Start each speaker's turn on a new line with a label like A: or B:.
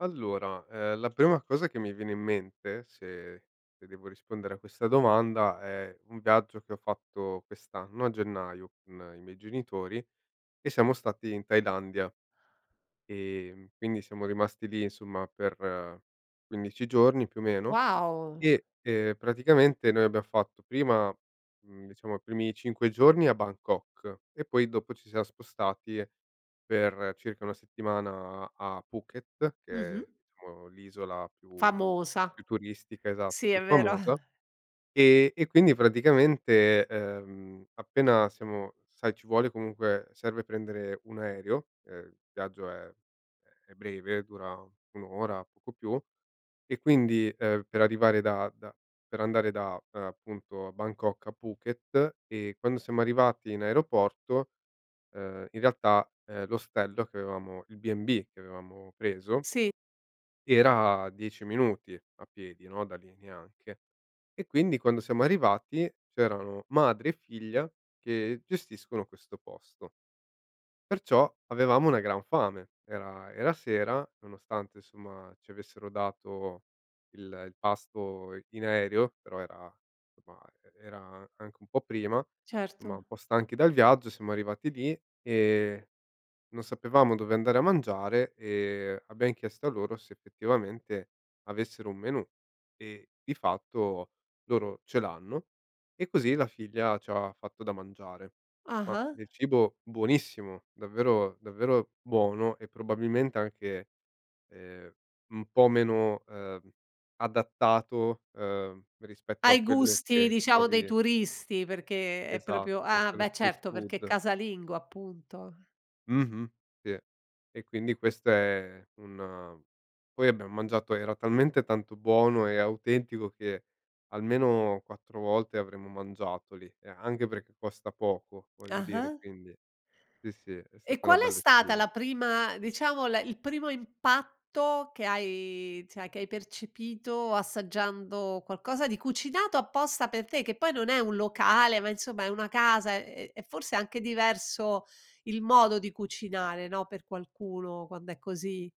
A: Allora, ehm, la prima cosa che mi viene in mente, se e devo rispondere a questa domanda, è un viaggio che ho fatto quest'anno a gennaio con i miei genitori, e siamo stati in Thailandia. Ehm, quindi siamo rimasti lì insomma per 15 giorni, più o meno,
B: Wow!
A: e, ehm, praticamente noi abbia fatto prima mhmm, diciamo i primi 5 giorni a Bangkok e poi dopo ci siamo spostati per circa 1 settimana a Phuket, che
B: Mh-mh.
A: è, uhm, l'isola più
B: Famosa.
A: più turistica, esatto,
B: Sì,
A: più
B: è vero.
A: famosa. E e quindi praticamente, ehm, appena siamo sai ci vuole comunque serve prendere un aereo, ehm, il viaggio è è breve, dura 1 ora poco più; e quindi, ehm, per arrivare da da per andare da appunto a Bangkok a Phuket, e quando siamo arrivati in aeroporto, ehm, in realtà, ehm, l'ostello che avevamo il B&B che avevamo preso
B: Sì.
A: era a 10 minuti a piedi, no, da lì, neanche. E quindi quando siamo arrivati c'erano madre e figlia che gestiscono questo posto. Perciò, avevamo una gran fame. Era era sera, nonostante insomma ci avessero dato il il pasto i in aereo, però era somma e era anche un po' prima, insomma,
B: Certo.
A: un po' stanchi dal viaggio siamo arrivati lì e non sapevamo dove andare a mangiare e abbiam chiesto a loro se effettivamente avessero un menù e di fatto loro ce l'hanno, e così la figlia c'ha fatto da mangiare. Ma
B: Ah-ah.
A: del cibo buonissimo, davvero davvero buono e probabilmente anche, ehm, un po' meno, ehm, adattato, ehm, rispetto a
B: Ai
A: quello
B: gusti,
A: che
B: diciamo, dei
A: trovi
B: turisti, perché è proprio
A: Esatto,
B: ah
A: quello
B: beh certo, perché è
A: street-food.
B: casalingo appunto.
A: Mh-mh. Sì. E quindi questo è un poi abbiam mangiato, era talmente tanto buono e autentico che almeno 4 volte avremmo mangiato lì e anche perché costa poco voglio dire,
B: Ah-ah.
A: quindi sì sì, è
B: E
A: stata una
B: qual è
A: bella
B: stata
A: esperien
B: la prima, diciamo le il primo impatto che hai cioè che hai percepito assaggiando qualcosa di cucinato apposta per te, che poi non è un locale ma, insomma, è una casa e è forse anche diverso il modo di cucinare, no, per qualcuno quando è così?